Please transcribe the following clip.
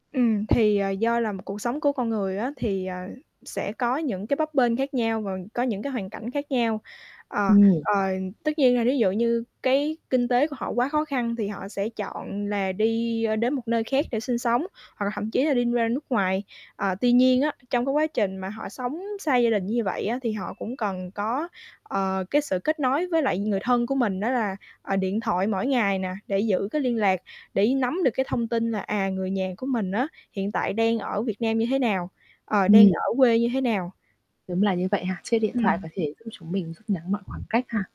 Ừm, thì, ờ, do là một cuộc sống của con người á thì, ờ, sẽ có những cái bấp bênh khác nhau và có những cái hoàn cảnh khác nhau. Ờ, Ừm. ờ, tất nhiên là thí dụ như cái kinh tế của họ quá khó khăn thì họ sẽ chọn là đi đến một nơi khác để sinh sống hoặc là thậm chí là đi ra nước ngoài. Ờ, tuy nhiên á, trong cái quá trình mà họ sống xa gia đình như vậy á thì họ cũng cần có, ờ, cái sự kết nối với lại người thân của mình đó là, à, điện thoại mỗi ngày nè, để giữ cái liên lạc, để nắm được cái thông tin là, à, người nhà của mình á hiện tại đang ở Việt Nam như thế nào, ờ, đang Ừm. ở quê như thế nào. Đúng là như vậy ha, chiếc điện thoại có Ừm. thể giúp chúng mình rút ngắn mọi khoảng cách ha.